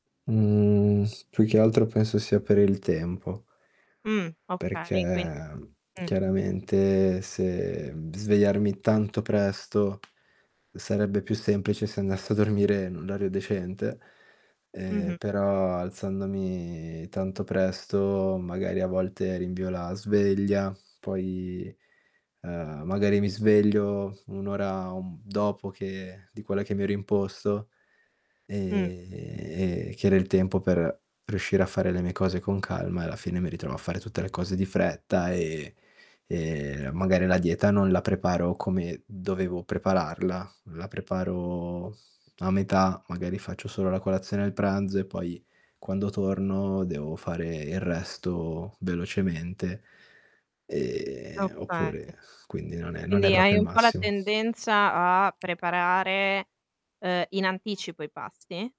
Mhmm s più che altro penso sia per il tempo. Mh, okay, quin Perché, mh chiaramente se svegliarmi tanto presto, sarebbe più semplice se andassi a dormire in un orario decente, ehm, Mh-mh. però alzandomi tanto presto, magari a volte rinvio la sveglia, poi, ehm, magari mi sveglio 1 ora, un dopo che di quella che mi ero imposto, Mh. ehm, che era il tempo per riuscire a fare le mie cose con calma, e alla fine mi ritrovo a fare tutte le cose di fretta e e magari la dieta non la preparo come dovevo prepararla, la preparo a metà, magari faccio solo la colazione e il pranzo, e poi quando torno devo fare il resto velocemente. Ehm Okay. oppure quindi non è non è Quindi proprio hai il un po' la massimo. tendenza a preparare, uhm, in anticipo i pasti?